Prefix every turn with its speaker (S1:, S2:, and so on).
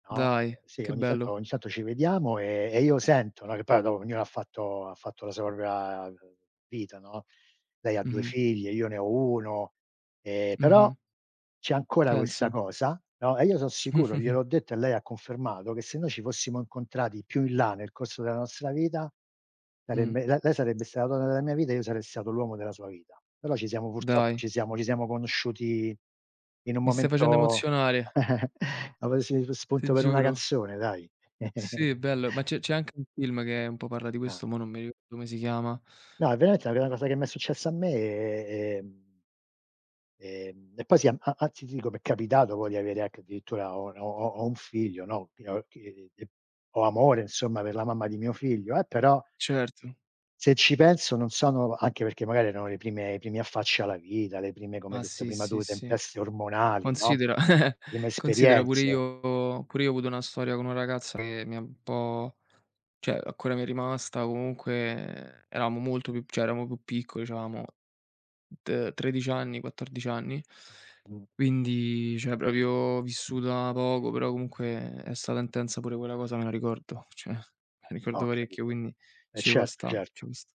S1: No,
S2: Dai,
S1: sì,
S2: che
S1: ogni tanto
S2: bello.
S1: ogni tanto ci vediamo, ehm, e io sento, no che poi dopo ognuno ha fatto ha fatto la sua propria vita, no, lei ha 2
S2: Mh-mh.
S1: figlie, io ne ho 1, ehm, però
S2: Mh-mh.
S1: c'è ancora questa
S2: Pensa.
S1: cosa, no, e io son sicuro, gliel'ho detto e lei ha confermato, che se noi ci fossimo incontrati più in là nel corso della nostra vita,
S2: Mh.
S1: sarebbe la lei sarebbe sta la donna della mia vita e io sarei stato l'uomo della sua vita. Però ci siamo purtroppo
S2: Dai.
S1: ci siamo ci siamo conosciuti in un
S2: Mi stai
S1: momento,
S2: facendo emozionare.
S1: ho presi s
S2: Ti
S1: spunto per una
S2: giuro.
S1: canzone, dai.
S2: Sì, bello, ma c'è c'è anche un film che un po' parla di
S1: Ah.
S2: questo, mò non mi ricordo come si chiama.
S1: No, veramente la prima cosa che mi è successa a me è ehm Ehm, e poi, sì, a anzi, ti dico, mi è capitato poi di avere anche addirittura ho n ho ho ho un figlio, no, [unintelligible] ho amore, insomma, per la mamma di mio figlio, eh, però
S2: Certo.
S1: se ci penso non sono anche perché magari erano le prime i primi affacci alla vita, le prime, come
S2: Ma
S1: hai detto
S2: sì,
S1: prima tu,
S2: sì, sì.
S1: tempeste ormonali, no,
S2: Considera
S1: prime
S2: considera pure
S1: esperienze.
S2: io pure io ho avuto una storia con una ragazza che mi è un po' cioè ancora mi è rimasta comunque, ehm, eravamo molto più cioè eravamo più piccoli, c'avevamo t 13 anni, 14 anni,
S1: Mh.
S2: quindi cioè proprio vissuta poco, però comunque è stata intensa pure quella cosa, me la ricordo, cioè me la ricordo
S1: Ho
S2: parecchio,
S1: capito.
S2: quindi
S1: Eh
S2: ci può
S1: certo,
S2: stà, ci
S1: certo.
S2: può st